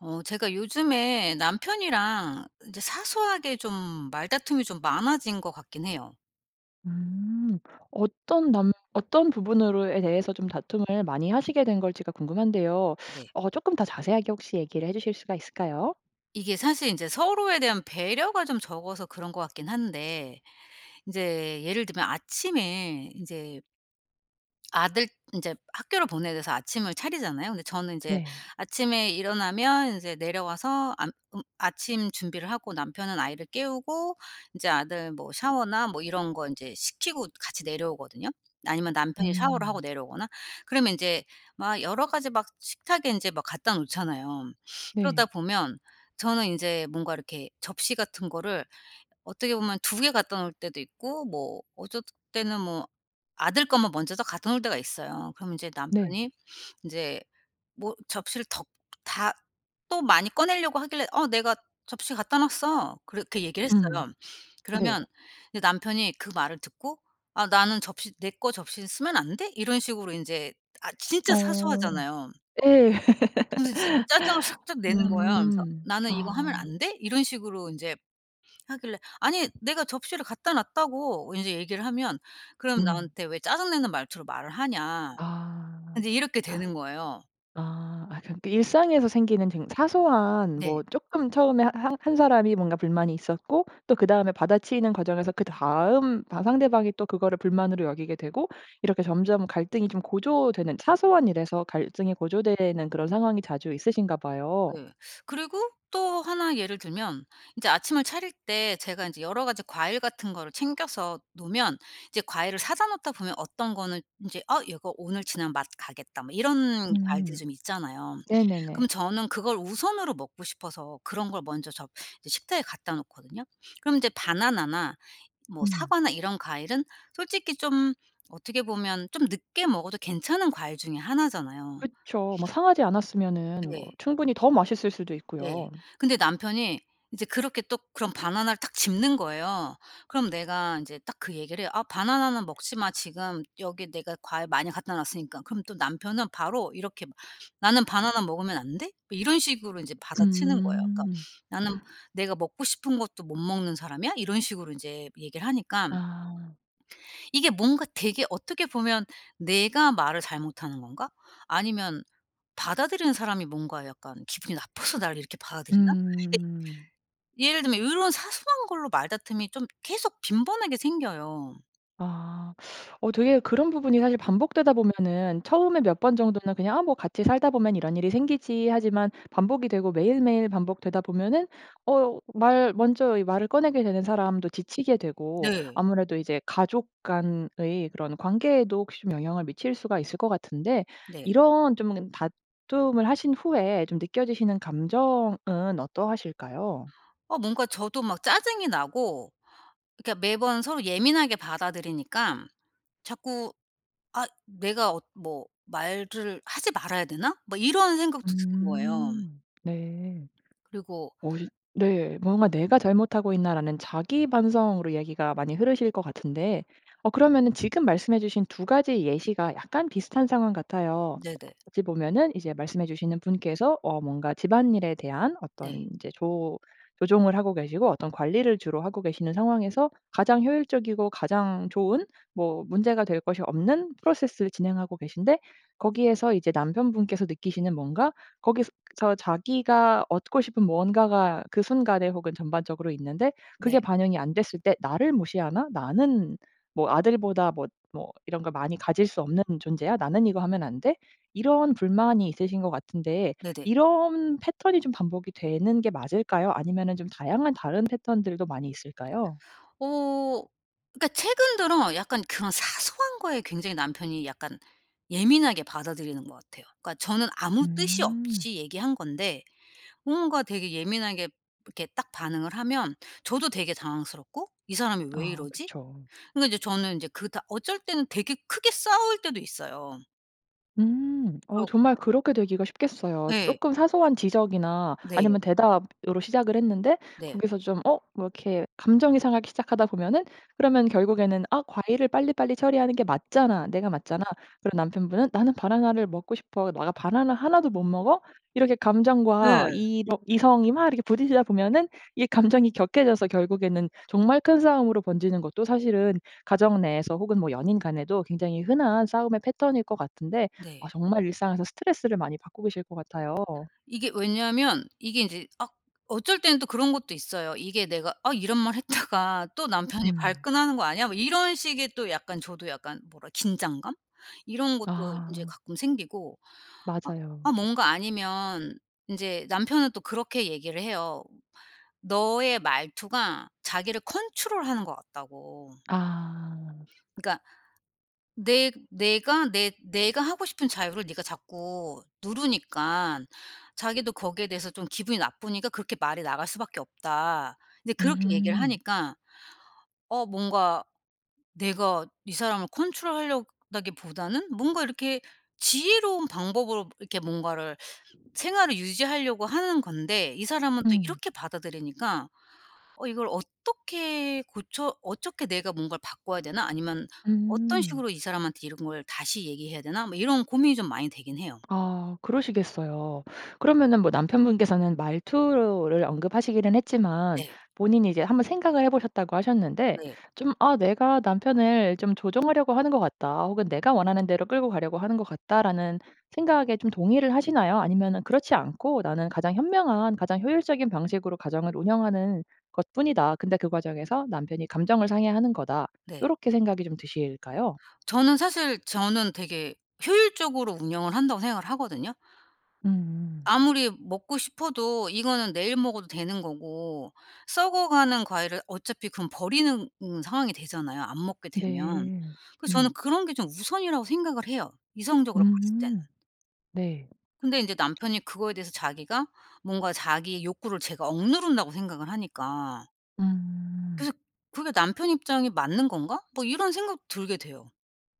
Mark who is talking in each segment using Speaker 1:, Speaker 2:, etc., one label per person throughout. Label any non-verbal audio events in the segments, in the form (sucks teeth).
Speaker 1: 어 제가 요즘에 남편이랑 인제 사소하게 좀 말다툼이 좀 많아진 것 같긴 해요.
Speaker 2: 음. 어떤 남 어떤 부분으로에 대해서 좀 다툼을 많이 하시게 된 걸지가 궁금한데요.
Speaker 1: 네.
Speaker 2: 어 조금 더 자세하게 혹시 얘기를 해 주실 수가 있을까요?
Speaker 1: 이게 사실 인제 서로에 대한 배려가 좀 적어서 그런 것 같긴 한데. 인제 예를 들면 아침에 인제 아들 인제 학교를 보내야 돼서 아침을 차리잖아요. 근데 저는 인제
Speaker 2: 네.
Speaker 1: 아침에 일어나면 인제 내려와서 암 음 아침 준비를 하고 남편은 아이를 깨우고 인제 아들 뭐 샤워나 뭐 이런 거 이제 시키고 같이 내려오거든요. 아니면 남편이 샤워를 하고
Speaker 2: 음.
Speaker 1: 내려오거나. 그러면 인제 막 여러 가지 막 식탁에 인제 막 갖다 놓잖아요. 그러다
Speaker 2: 네.
Speaker 1: 보면 저는 인제 뭔가 이렇게 접시 같은 거를 어떻게 보면 2 개 갖다 놓을 때도 있고 뭐 어쩔 때는 뭐 아들 것만 먼저 딱 갖다 놓을 때가 있어요. 그럼 이제
Speaker 2: 네.
Speaker 1: 남편이 인제 뭐 접시를 더 다 또 많이 꺼내려고 하길래 "어 내가 접시 갖다 놨어." 그렇게 얘기를
Speaker 2: 음.
Speaker 1: 했어요.
Speaker 2: 네.
Speaker 1: 그러면 남편이 그 말을 듣고 "아 나는 접시 내 거 접시는 쓰면 안 돼?" 이런 식으로 인제 아 진짜
Speaker 2: 어.
Speaker 1: 사소하잖아요.
Speaker 2: 예.
Speaker 1: 그러면서 진짜 짜증을
Speaker 2: (laughs)
Speaker 1: 살짝 내는 거예요. 그러면서
Speaker 2: 음.
Speaker 1: "나는 이거 하면
Speaker 2: 아.
Speaker 1: 안 돼?" 이런 식으로 인제 하길래 "아니 내가 접시를 갖다 놨다고." 인제 얘기를 하면 그럼
Speaker 2: 음.
Speaker 1: 나한테 "왜 짜증 내는 말투로 말을 하냐."
Speaker 2: 아.
Speaker 1: 인제 이렇게 되는 거예요.
Speaker 2: 아. 아 그러니까 일상에서 생기는 쟁 사소한 뭐
Speaker 1: 네.
Speaker 2: 쪼끔 처음에 하 한 한 사람이 뭔가 불만이 있었고 또 그다음에 받아치는 과정에서 그다음 바 상대방이 또 그거를 불만으로 여기게 되고 이렇게 점점 갈등이 좀 고조되는 사소한 일에서 갈등이 고조되는 그런 상황이 자주 있으신가 봐요.
Speaker 1: 네. 그리고 또 1 예를 들면 인제 아침을 차릴 때 제가 인제 여러 가지 과일 같은 거를 챙겨서 놓으면 이제 과일을 사다 놓다 보면 어떤 거는 인제 '어 얘가 오늘 지나면 맛 가겠다.' 뭐 이런 과일들이
Speaker 2: 음.
Speaker 1: 좀 있잖아요.
Speaker 2: 네네네.
Speaker 1: 그러면 저는 그걸 우선으로 먹고 싶어서 그런 걸 먼저 저 이제 식탁에 갖다 놓거든요. 그럼 인제 바나나나 뭐
Speaker 2: 음.
Speaker 1: 사과나 이런 과일은 솔직히 좀 어떻게 보면 좀 늦게 먹어도 괜찮은 과일 중에 1 잖아요.
Speaker 2: 그쵸. 뭐 상하지 않았으면은 뭐
Speaker 1: 예.
Speaker 2: 충분히 더 맛있을 수도
Speaker 1: 예.
Speaker 2: 있고요.
Speaker 1: 근데 남편이 이제 그렇게 또 그럼 바나나를 딱 집는 거예요. 그럼 내가 인제 딱 그 얘기를 해요. "아 바나나는 먹지 마. 지금 여기 내가 과일 많이 갖다 놨으니까." 그럼 또 남편은 바로 이렇게 막 "나는 바나나 먹으면 안 돼?" 뭐 이런 식으로 이제 받아치는 거예요. 그러니까
Speaker 2: 음.
Speaker 1: "나는
Speaker 2: (gasps)
Speaker 1: 내가 먹고 싶은 것도 못 먹는 사람이야?" 이런 식으로 인제 얘기를 하니까
Speaker 2: 아.
Speaker 1: 이게 뭔가 되게 어떻게 보면 '내가 말을 잘못하는 건가? 아니면 받아들이는 사람이 뭔가 약간 기분이 나빠서 나를 이렇게 받아들이나?' 그러니까
Speaker 2: 음.
Speaker 1: 예를 들면 이런 사소한 걸로 말다툼이 좀 계속 빈번하게 생겨요.
Speaker 2: 아. (sucks teeth) 어 되게 그런 부분이 사실 반복되다 보면은 처음에 몇 번 정도는 그냥 '아 뭐 같이 살다 보면 이런 일이 생기지.' 하지만 반복이 되고 매일매일 반복되다 보면은 어 말 먼저 이 말을 꺼내게 되는 사람도 지치게 되고
Speaker 1: 네.
Speaker 2: 아무래도 이제 가족 간의 그런 관계에도 혹시 좀 영향을 미칠 수가 있을 것 같은데.
Speaker 1: 네.
Speaker 2: 이런 좀 다툼을 하신 후에 좀 느껴지시는 감정은 어떠하실까요?
Speaker 1: 아 뭔가 저도 막 짜증이 나고. 그러니까 매번 서로 예민하게 받아들이니까 자꾸 '아 내가 어 뭐 말을 하지 말아야 되나?' 막 이런 생각도 드는 거예요.
Speaker 2: 음 네.
Speaker 1: 그리고
Speaker 2: 어 시 네. 뭔가 '내가 잘못하고 있나?' 라는 자기 반성으로 얘기가 많이 흐르실 것 같은데. 어 그러면은 지금 말씀해 주신 2 가지 예시가 약간 비슷한 상황 같아요.
Speaker 1: 네네.
Speaker 2: 어찌 보면은 이제 말씀해 주시는 분께서 어 뭔가 집안일에 대한
Speaker 1: 네.
Speaker 2: 어떤 인제 조 조종을 하고 계시고 어떤 관리를 주로 하고 계시는 상황에서 가장 효율적이고 가장 좋은 뭐 문제가 될 것이 없는 프로세스를 진행하고 계신데. 거기에서 이제 남편분께서 느끼시는 뭔가 거기서 자기가 얻고 싶은 무언가가 그 순간에 혹은 전반적으로 있는데 그게
Speaker 1: 네.
Speaker 2: 반영이 안 됐을 때 '나를 무시하나? 나는 뭐 아들보다 뭐 뭐 이런 걸 많이 가질 수 없는 존재야? 나는 이거 하면 안 돼?' 이런 불만이 있으신 것 같은데.
Speaker 1: 네네.
Speaker 2: 이런 패턴이 좀 반복이 되는 게 맞을까요? 아니면은 좀 다양한 다른 패턴들도 많이 있을까요?
Speaker 1: 어. 그러니까 최근 들어 약간 그런 사소한 거에 굉장히 남편이 약간 예민하게 받아들이는 것 같아요. 그러니까 저는 아무 뜻이
Speaker 2: 음.
Speaker 1: 없이 얘기한 건데 뭔가 되게 예민하게 이렇게 딱 반응을 하면 저도 되게 당황스럽고 '이 사람이 왜
Speaker 2: 아
Speaker 1: 이러지?'
Speaker 2: 그쵸.
Speaker 1: 그러니까 이제 저는 인제 그 다 어쩔 때는 되게 크게 싸울 때도 있어요.
Speaker 2: 음. 어
Speaker 1: 그렇
Speaker 2: 정말 그렇게 되기가 쉽겠어요.
Speaker 1: 예.
Speaker 2: 쪼끔 사소한 지적이나
Speaker 1: 네.
Speaker 2: 아니면 대답으로 시작을 했는데
Speaker 1: 네.
Speaker 2: 거기서 좀 어 뭐 이렇게 감정이 상하기 시작하다 보면은 그러면 결국에는 '아 과일을 빨리빨리 처리하는 게 맞잖아. 내가 맞잖아.' 그리고 남편분은 '나는 바나나를 먹고 싶어. 내가 바나나 1 도 못 먹어?' 이렇게 감정과
Speaker 1: 네.
Speaker 2: 이 이렇 뭐 이성이 막 이렇게 부딪히다 보면은 이 감정이 격해져서 결국에는 정말 큰 싸움으로 번지는 것도 사실은 가정 내에서 혹은 뭐 연인 간에도 굉장히 흔한 싸움의 패턴일 것 같은데 아
Speaker 1: 네.
Speaker 2: 정말 일상에서 스트레스를 많이 받고 계실 것 같아요.
Speaker 1: 이게 왜냐하면 이게 인제 아 어쩔 때는 또 그런 것도 있어요. 이게 내가 '아 이런 말 했다가 또 남편이
Speaker 2: 음.
Speaker 1: 발끈하는 거 아니야?' 뭐 이런 식의 또 약간 저도 약간 뭐라 긴장감? 이런 것도 인제
Speaker 2: 아.
Speaker 1: 가끔 생기고 아 아
Speaker 2: 맞아요.
Speaker 1: 뭔가 아니면 인제 남편은 또 그렇게 얘기를 해요. 너의 말투가 자기를 컨트롤하는 것 같다고.
Speaker 2: 아.
Speaker 1: 그러니까 "내 내가 내 내가 하고 싶은 자유를 니가 자꾸 누르니깐 자기도 거기에 대해서 좀 기분이 나쁘니까 그렇게 말이 나갈 수밖에 없다." 이제 그렇게 얘기를
Speaker 2: 음.
Speaker 1: 하니까 어 뭔가 내가 이 사람을 컨트롤하려다기보다는 뭔가 이렇게 지혜로운 방법으로 이렇게 뭔가를 생활을 유지하려고 하는 건데 이 사람은 또
Speaker 2: 음.
Speaker 1: 이렇게 받아들이니까 어 '이걸 어떻게 고쳐 어떻게 내가 뭔가를 바꿔야 되나? 아니면 어떤
Speaker 2: 음.
Speaker 1: 식으로 이 사람한테 이런 걸 다시 얘기해야 되나.' 뭐 이런 고민이 좀 많이 되긴 해요.
Speaker 2: 아. 그러시겠어요. 그러면은 뭐 남편분께서는 말투를 언급하시기는 했지만
Speaker 1: 네.
Speaker 2: 본인이 이제 한번 생각을 해 보셨다고 하셨는데
Speaker 1: 네.
Speaker 2: 좀 '아 내가 남편을 좀 조정하려고 하는 것 같다.' 혹은 '내가 원하는 대로 끌고 가려고 하는 것 같다.'라는 생각에 좀 동의를 하시나요? 아니면은 '그렇지 않고 나는 가장 현명한 가장 효율적인 방식으로 가정을 운영하는 것뿐이다. 근데 그 과정에서 남편이 감정을 상해하는 거다.'
Speaker 1: 네.
Speaker 2: 요렇게 생각이 좀 드실까요?
Speaker 1: 저는 사실 저는 되게 효율적으로 운영을 한다고 생각을 하거든요.
Speaker 2: 음.
Speaker 1: 아무리 먹고 싶어도 이거는 내일 먹어도 되는 거고 썩어가는 과일을 어차피 그럼 버리는 음 상황이 되잖아요 안 먹게 되면.
Speaker 2: 네.
Speaker 1: 그래서 저는
Speaker 2: 음.
Speaker 1: 그런 게 좀 우선이라고 생각을 해요 이성적으로 봤을 때는.
Speaker 2: 음. 네.
Speaker 1: 근데 이제 남편이 그거에 대해서 자기가 뭔가 자기의 욕구를 제가 억누른다고 생각을 하니까.
Speaker 2: 음.
Speaker 1: 그래서 그게 남편 입장이 맞는 건가? 뭐 이런 생각 들게 돼요.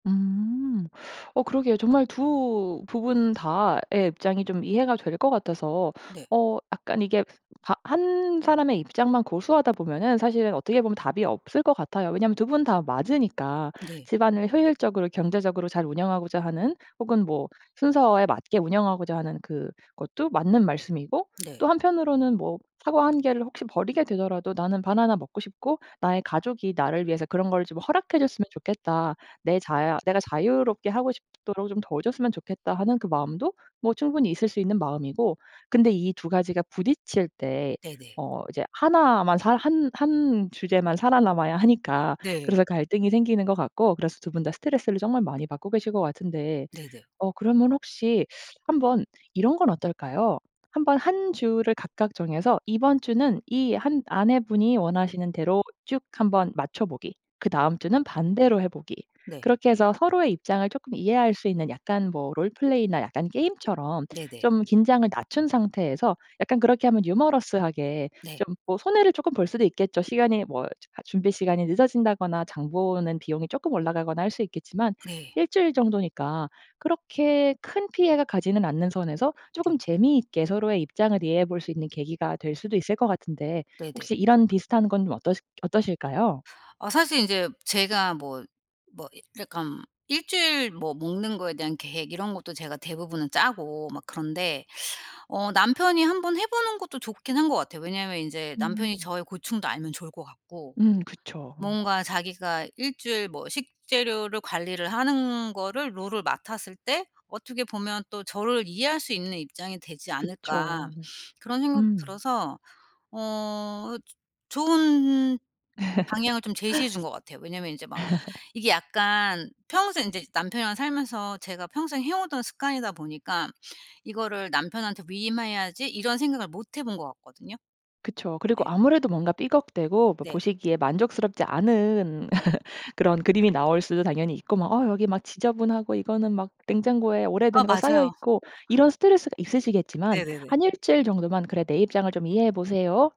Speaker 2: 음. 어 그러게요. 정말 2 부분 다의 입장이 좀 이해가 될 것 같아서.
Speaker 1: 네.
Speaker 2: 어 약간 이게 바 1 사람의 입장만 고수하다 보면은 사실은 어떻게 보면 답이 없을 것 같아요, 왜냐하면 2 분 다 맞으니까.
Speaker 1: 네.
Speaker 2: 집안을 효율적으로 경제적으로 잘 운영하고자 하는 혹은 뭐 순서에 맞게 운영하고자 하는 그것도 맞는 말씀이고
Speaker 1: 네.
Speaker 2: 또 한편으로는 뭐 사과 1 개를 혹시 버리게 되더라도 '나는 바나나 먹고 싶고 나의 가족이 나를 위해서 그런 걸 좀 허락해 줬으면 좋겠다. 내 자야 내가 자유롭게 하고 싶도록 좀 도와줬으면 좋겠다.' 하는 그 마음도 뭐 충분히 있을 수 있는 마음이고 근데 이 2 가지가 부딪칠 때
Speaker 1: 네네.
Speaker 2: 어 이제 1 만 살 한 한 주제만 살아남아야 하니까
Speaker 1: 네.
Speaker 2: 그래서 갈등이 생기는 것 같고 그래서 2 분 다 스트레스를 정말 많이 받고 계실 것 같은데
Speaker 1: 네네.
Speaker 2: 어 그러면 혹시 한번 이런 건 어떨까요? 한번 1 주를 각각 정해서 이번 주는 이 한 아내분이 원하시는 대로 "쭉 한번 맞춰 보기." 그다음 주는 "반대로 해 보기."
Speaker 1: 네.
Speaker 2: 그렇게 해서 서로의 입장을 조금 이해할 수 있는 약간 뭐 롤플레이나 약간 게임처럼
Speaker 1: 네네.
Speaker 2: 좀 긴장을 낮춘 상태에서 약간 그렇게 하면 유머러스하게
Speaker 1: 네.
Speaker 2: 좀 뭐 손해를 쪼끔 볼 수도 있겠죠. 시간이 뭐 저 하 준비 시간이 늦어진다거나 장 보는 비용이 조금 올라가거나 할 수 있겠지만
Speaker 1: 네.
Speaker 2: 1 주일 정도니까 그렇게 큰 피해가 가지는 않는 선에서 조금
Speaker 1: 네.
Speaker 2: 재미있게 서로의 입장을 이해해 볼 수 있는 계기가 될 수도 있을 거 같은데
Speaker 1: 네네.
Speaker 2: 혹시 이런 비슷한 건 좀 어떠시 어떠실까요?
Speaker 1: 아 사실 인제 제가 뭐 뭐 이 약간 1 주일 뭐 먹는 거에 대한 계획 이런 것도 제가 대부분은 짜고 막 그런데 어 남편이 한번 해보는 것도 좋긴 한 것 같아요. 왜냐하면 인제 남편이
Speaker 2: 음.
Speaker 1: 저의 고충도 알면 좋을 것 같고
Speaker 2: 음, 그쵸.
Speaker 1: 뭔가 자기가 1 주일 뭐 식재료를 관리를 하는 거를 롤을 맡았을 때 어떻게 보면 또 저를 '이해할 수 있는 입장이 되지 않을까?'
Speaker 2: 그쵸.
Speaker 1: 그런 생각도
Speaker 2: 음.
Speaker 1: 들어서 어 어 즈 좋은 방향을 좀 제시해 준 거 같아요. 왜냐하면 이제 막
Speaker 2: (laughs)
Speaker 1: 이게 약간 평생 이제 남편이랑 살면서 제가 평생 해 오던 습관이다 보니까 '이거를 남편한테 위임해야지.' 이런 생각을 못 해 본 것 같거든요.
Speaker 2: 그쵸. 그리고
Speaker 1: 네.
Speaker 2: 아무래도 뭔가 삐걱대고 뭐
Speaker 1: 네.
Speaker 2: 보시기에 만족스럽지 않은
Speaker 1: 네.
Speaker 2: (laughs) 그런 그림이 나올 수도 당연히 있고 뭐 어 여기 막 지저분하고 이거는 막 냉장고에
Speaker 1: 아
Speaker 2: 오래된 거 쌓여
Speaker 1: 맞아요.
Speaker 2: 있고 이런 스트레스가 있으시겠지만
Speaker 1: 네네네.
Speaker 2: 한 1 주일 정도만 "그래 내 입장을 좀 이해해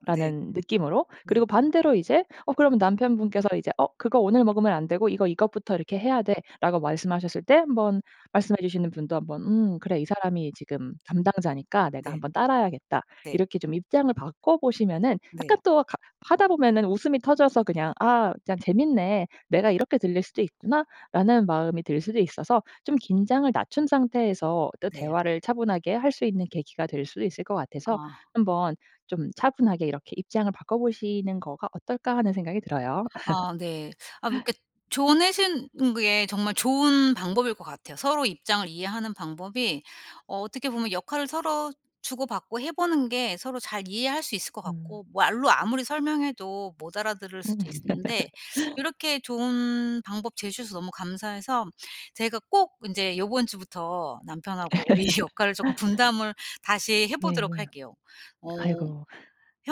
Speaker 1: 아 네.
Speaker 2: 느낌으로
Speaker 1: 네.
Speaker 2: 그리고 반대로 이제 어 그러면 남편분께서 이제 "어 그거 오늘 먹으면 안 되고 이거 이것부터 이렇게 해야 돼."라고 말씀하셨을 때 한번 말씀해 주시는 분도 한번 '음 그래 이 사람이 지금 담당자니까 내가
Speaker 1: 네.
Speaker 2: 한번 따라야겠다.'
Speaker 1: 네.
Speaker 2: 이렇게 좀 입장을 바꿔 보시면은 약간
Speaker 1: 네.
Speaker 2: 또 가 하다 보면은 웃음이 터져서 그냥 '아 그냥 재밌네. 내가 이렇게 들릴 수도 있구나.'라는 마음이 들 수도 있어서 좀 긴장을 낮춘 상태에서 또
Speaker 1: 네.
Speaker 2: 대화를 차분하게 할 수 있는 계기가 될 수도 있을 것 같아서
Speaker 1: 아.
Speaker 2: 한번 좀 차분하게 이렇게 '입장을 바꿔보시는 거가 어떨까?' 하는 생각이 들어요.
Speaker 1: 아 네. 아
Speaker 2: (laughs)
Speaker 1: 그러니까 조언하신 게 정말 좋은 방법일 것 같아요. 서로 입장을 이해하는 방법이 어 어떻게 보면 역할을 서로 주고받고 해 보는 게 서로 잘 이해할 수 있을 것
Speaker 2: 음.
Speaker 1: 같고. 말로 아무리 설명해도 못 알아들을
Speaker 2: 음.
Speaker 1: 수도 있었는데
Speaker 2: (laughs)
Speaker 1: 요렇게 좋은 방법 제시해서 너무 감사해서 제가 꼭 인제 요번 주부터 남편하고 이 역할을 쪼금
Speaker 2: (laughs)
Speaker 1: 분담을 다시 해
Speaker 2: 네.
Speaker 1: 보도록 할게요. 어
Speaker 2: 아이고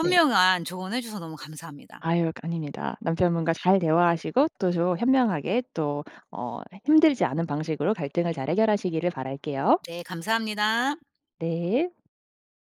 Speaker 2: 네.
Speaker 1: 조언 해 줘서 너무 감사합니다.
Speaker 2: 아유 거 아닙니다. 남편분과 잘 대화하시고 또 조 현명하게 또 어 힘들지 않은 방식으로 갈등을 잘 해결하시기를 바랄게요.
Speaker 1: 네 감사합니다.
Speaker 2: 네.